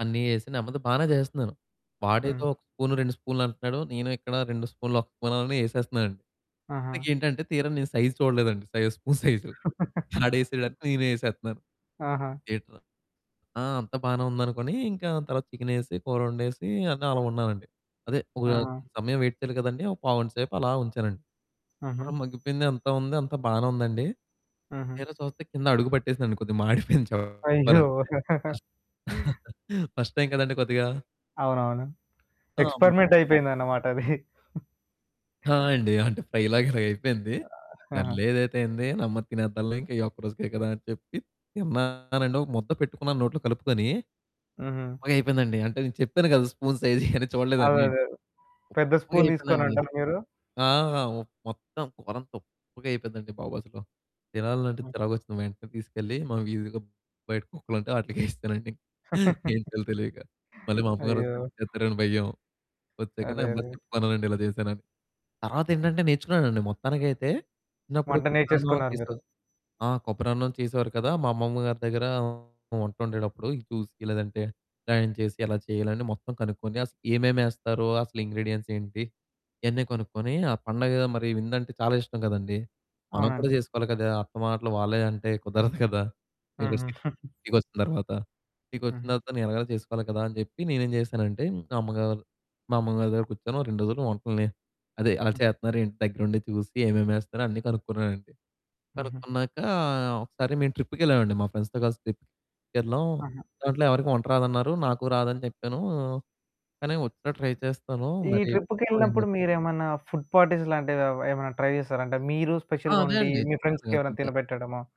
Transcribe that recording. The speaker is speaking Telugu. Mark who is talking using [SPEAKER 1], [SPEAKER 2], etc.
[SPEAKER 1] అన్నీ ఏసి నెమ్మదిగా బానే చేస్తన్నాను.
[SPEAKER 2] హ్మ్.
[SPEAKER 1] వాడేదో ఒక స్పూను 2 స్పూన్లు అంటన్నాడు. నేను ఇక్కడ 2 స్పూన్లు ఒక స్పూనని ఎసేస్తున్నానండి.
[SPEAKER 2] ఆహా!
[SPEAKER 1] ఇంతకీ ఏంటంటే తీరా నేను సైజ్ చూడలేదండి. సైజ్, స్పూన్ సైజు ఆడేసాడాని నేను ఎసేతన్నాను.
[SPEAKER 2] ఆహా!
[SPEAKER 1] ఏంట్రా ఆ! అంతా బానే ఉందనుకోని ఇంకా తర్వాత చికెనేసి, కూరొండేసి అన్ని అలా ఉన్నానండి. అదే ఒక
[SPEAKER 2] ఆహా!
[SPEAKER 1] సమయం వెయిట్ చేయాలి కదండీ! ఒక పావుగంట సేపు అలా ఉంచానండి. కూర
[SPEAKER 2] ఆహా!
[SPEAKER 1] మగ్గిపోయింది అంతా ఉంది, అంతా బానే ఉందండి.
[SPEAKER 2] ఆహా!
[SPEAKER 1] తీరా చూస్తే కింద అడుగు పట్టేసింది కొద్దిగ మాడిపోయింది
[SPEAKER 2] అయ్యో!
[SPEAKER 1] చెప్పాలంటే. ఫస్ట్ టైమ్ కదండీ కొద్దిగా.
[SPEAKER 2] అవును. అవును
[SPEAKER 1] ఆ! అవునండి.
[SPEAKER 2] ఎక్స్పెరిమెంట్ అయిపోయింది
[SPEAKER 1] [unintelligible]
[SPEAKER 2] అన్నమాట అది.
[SPEAKER 1] ఆ! అండి. అంటే ఫ్రై లాగా ఇలాగపోయింది
[SPEAKER 2] అ ఆహా!
[SPEAKER 1] సర్లేదైతే ఏంది నెమ్మది తినేద్దాంలే ఇంకా ఈ ఒక్క రోజుకే కదా! అని చెప్పి తిన్నానండి. ఒక ముద్ద పెట్టుకున్నాను నోట్లో కలుపుకొని.
[SPEAKER 2] హుహు.
[SPEAKER 1] ఉప్పగయిపోయిందండి అంటే నేను చెప్పాను గదా స్పూన్ సైజు ఇయన్ని
[SPEAKER 2] అదే,
[SPEAKER 1] చూడలేదని.
[SPEAKER 2] అదేదే. పెద్ద స్పూన్
[SPEAKER 1] ఉప్పగయిపోయిందండి.
[SPEAKER 2] తీసుకోనంటారా మీరు?
[SPEAKER 1] ఆ! ఉప్ మొత్తం కూర అంతా ఉప్పుగయిపోయిందండి బాబు అసలు. తినాలంటే
[SPEAKER 2] హ్మ్.
[SPEAKER 1] చిరాకు వచ్చింది మా ఇంటికి తీసుకెళ్ళి, మా వీదిలో బయట కుక్కలు ఉంటే వాటిలికేసేసానండి ఇంక. ఏం చేయాలో తెలియక. మళ్ళీ మా అమ్మగారు
[SPEAKER 2] అయ్యో!
[SPEAKER 1] వస్తే తిడతారేమో అని భయం. వచ్చాక నెమ్మదిగా
[SPEAKER 2] అరెరే!
[SPEAKER 1] చెప్పుకున్నానండి ఇలా చేశానని, తర్వాత ఏంటంటే నేర్చుకున్నానండి మొత్తానికైతే చిన్నప్పుడు
[SPEAKER 2] వంట
[SPEAKER 1] కొబ్బరన్నం
[SPEAKER 2] నేర్చేసుకున్నారు మీరు.
[SPEAKER 1] చేసే ఆ! కొబ్బరి అన్నం చేసేవారు కదా! మా అమ్మమ్మ గారి దగ్గర వంట వండేటప్పుడు చూసి లేదంటే న్ చేసి ఎలా చేయాలి అని మొత్తం కనుక్కొని అసలు ఏమేమి ఎస్తారో, అసలు ఇంగ్రీడియెంట్స్ ఏంటి ఇయన్నీ కొనుక్కొని, ఆ పండగ మరి వింద అంటే చాలా ఇష్టం కదండీ. మనం కూడా
[SPEAKER 2] అవునండి.
[SPEAKER 1] చేసుకోవాలి కదా! అత్త మాటలు వాళ్ళే అంటే కుదరదు కదా!
[SPEAKER 2] హుహు.
[SPEAKER 1] [unintelligible] ఇంటికొచ్చిన తర్వాత ఇంటికొచ్చిన
[SPEAKER 2] హ్మ్.
[SPEAKER 1] తర్వాత నేను ఎలాగైనా చేసుకోవాలి కదా! అని చెప్పి నేనేం చేశానంటే మా అమ్మగారు మా అమ్మగారి దగ్గర కూర్చొని ఓ 2 రోజులు వంటల్ని అదే అలా చేతన్నారేంటి ఇంటి దగ్గర ఉండి చూసి, ఏమేమి వేస్తారో అన్నీ కనుక్కున్నానండి.
[SPEAKER 2] హుహు.
[SPEAKER 1] కనుక్కున్నాక ఒకసారి మేము ట్రిప్‌కి వెళ్ళామండి. మా ఫ్రెండ్స్‌తో కలిసి ట్రిప్‌కెళ్లాం.
[SPEAKER 2] ఆహా!
[SPEAKER 1] దాంట్లో ఎవరికీ వంట రాదన్నారు నాకు రాదని చెప్పాను. కానీ వచ్చినట్టు ట్రై చేస్తాను
[SPEAKER 2] ఈ
[SPEAKER 1] మరి చూద్దాం
[SPEAKER 2] ట్రిప్‌కెళ్ళినప్పుడు
[SPEAKER 1] ఏమైద్దో.
[SPEAKER 2] మీరేమన్నా ఫుడ్ పార్టీస్ లాంటివి ఏమన్నా ట్రై చేసారా? అంటే మీరు
[SPEAKER 1] ఆ!
[SPEAKER 2] స్పెషల్‌గా
[SPEAKER 1] అదే
[SPEAKER 2] వండి
[SPEAKER 1] అండి.
[SPEAKER 2] మీ
[SPEAKER 1] చెప్పాను కదా!
[SPEAKER 2] ఫ్రెండ్స్‌కెవరైనా
[SPEAKER 1] అదే.
[SPEAKER 2] తినబెట్టడమో?